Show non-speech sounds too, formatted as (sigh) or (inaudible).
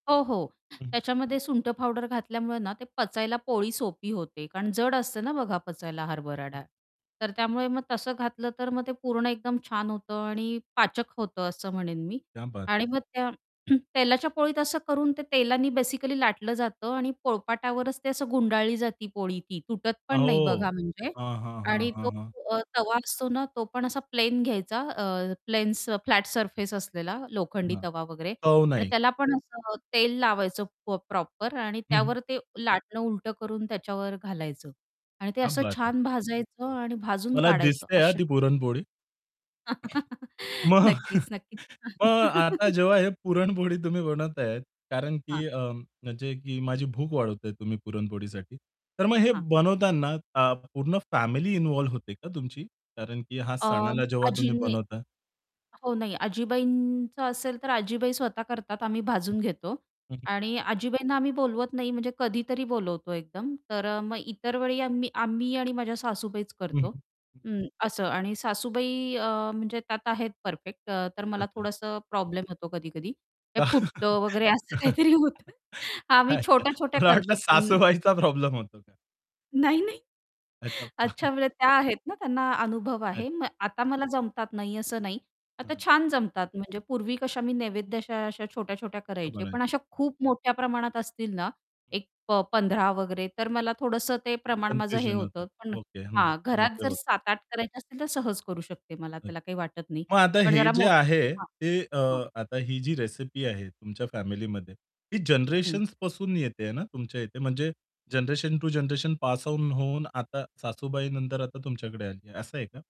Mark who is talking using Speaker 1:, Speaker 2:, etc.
Speaker 1: हो, हो.
Speaker 2: हं.
Speaker 1: त्याच्यामध्ये सुंठ पावडर घातल्यामुळे ना, ते पचायला पोळी सोपी होते. कारण जड असते ना बघा, पचायला हरभरा
Speaker 2: हं.
Speaker 1: डाळ. तर त्यामुळे मग तसं घातलं तर मग ते पूर्ण एकदम छान होतं आणि पाचक होतं असं म्हणेन मी.
Speaker 2: क्या बात.
Speaker 1: आणि मग त्या (clears throat) तेलाच्या पोळीत असं करून ते तेलाने बेसिकली लाटलं जातं आणि पोळपाटावरच ते असं गुंडाळली जाती पोळी ती तुटत पण नाही
Speaker 2: अहो,
Speaker 1: बघा म्हणजे
Speaker 2: हां, हां, हां,
Speaker 1: आणि
Speaker 2: हां,
Speaker 1: तो
Speaker 2: हां.
Speaker 1: अ, तवा असतो ना, तो पण असा प्लेन घ्यायचा अ, प्लेन स फ्लॅट सरफेस असलेला लोखंडी
Speaker 2: हां.
Speaker 1: तवा वगैरे
Speaker 2: चव
Speaker 1: आणि
Speaker 2: नाही.
Speaker 1: त्याला पण असं तेल लावायचं पो प्रॉपर आणि
Speaker 2: हं, हं.
Speaker 1: त्यावर ते लाटणं उलटं करून त्याच्यावर घालायचं आणि ते
Speaker 2: क्या
Speaker 1: असं
Speaker 2: बात है.
Speaker 1: छान भाजायचं आणि भाजून
Speaker 2: मला
Speaker 1: काढायचं
Speaker 2: दिसते आहे हां,
Speaker 1: अशा
Speaker 2: ती पुरणपोळी.
Speaker 1: (chuckles)
Speaker 2: मग
Speaker 1: नक्कीच, नक्कीच.
Speaker 2: मग आता
Speaker 1: (chuckles)
Speaker 2: जेव्हा हे पुरणपोळी तुम्ही बनवताहेत कारण
Speaker 1: हां.
Speaker 2: की अ, म्हणजे की माझी भूक वाढवताहेत तुम्ही पुरणपोळीसाठी. तर मग हे
Speaker 1: हां.
Speaker 2: बनवताना अ, पूर्ण फॅमिली इन्व्हॉल्व होते का तुमची? कारण की ह्या
Speaker 1: अ
Speaker 2: सणाला जेव्हा तुम्ही
Speaker 1: आजींनी
Speaker 2: बनवताय
Speaker 1: हो, नाही आजीबाईंचं असेल तर आजीबाई स्वतः करतात आम्ही
Speaker 2: हं.
Speaker 1: भाजून घेतो
Speaker 2: हं, हं.
Speaker 1: आणि आजीबाईंना आम्ही बोलवत नाही म्हणजे कधीतरी बोलवतो एकदम. तर अ, मग इतर वेळी आम्ही अ, मी आणि माझ्या सासूबाईच
Speaker 2: हं, हं,
Speaker 1: करतो,
Speaker 2: हं.
Speaker 1: उम्म, असं आणि सासूबाई अ, म्हणजे त्यात आहेत परफेक्ट अ, तर मला
Speaker 2: अच्छा.
Speaker 1: थोडंसं प्रॉब्लेम होतो कधी-कधी ते फुटतं वगैरे असं
Speaker 2: (chuckles)
Speaker 1: काहीतरी होतं हां, मी
Speaker 2: अच्छा.
Speaker 1: छोट्या-छोट्या
Speaker 2: मला वाटलं
Speaker 1: करते पून
Speaker 2: सासूबाईचा प्रॉब्लेम होतो का?
Speaker 1: नाही, नाही.
Speaker 2: अच्छा.
Speaker 1: अच्छा,
Speaker 2: (chuckles)
Speaker 1: म्हणजे त्या आहेत ना, त्यांना अनुभव
Speaker 2: अच्छा.
Speaker 1: आहे. म आता मला जमतात नाही, असं नाही.
Speaker 2: हां,
Speaker 1: आता
Speaker 2: हां.
Speaker 1: छान जमतात म्हणजे पूर्वी कशा मी नैवेद्य अशा अशा छोट्या-छोट्या करायचे पण
Speaker 2: (unintelligible)
Speaker 1: अशा खूप मोठ्या प्रमाणात असतील ना,
Speaker 2: हं
Speaker 1: एक प 15 वगैरे तर मला थोडंसं ते प्रमाण माझं हे
Speaker 2: कन्फ्युजन होतं.
Speaker 1: होतं. पण
Speaker 2: ओके. हं.
Speaker 1: हां,
Speaker 2: नाही
Speaker 1: घरात
Speaker 2: ते
Speaker 1: जर
Speaker 2: होतं.
Speaker 1: 7-8 करायचे असतील तर सहज करू शकते मला
Speaker 2: अ
Speaker 1: त्याला काही वाटत नाही.
Speaker 2: मग आता
Speaker 1: पण
Speaker 2: हे
Speaker 1: जरा
Speaker 2: जे
Speaker 1: मो
Speaker 2: आहे,
Speaker 1: हां,
Speaker 2: ते अ,
Speaker 1: हां,
Speaker 2: आता ही जी रेसिपी आहे तुमच्या फॅमिलीमध्ये ती
Speaker 1: हं.
Speaker 2: जनरेशन्सपासून येतेय ना तुमच्या इथे म्हणजे generation to generation pass on होऊन आता सासूबाई नंतर आता तुमच्याकडे आली, असं आहे का?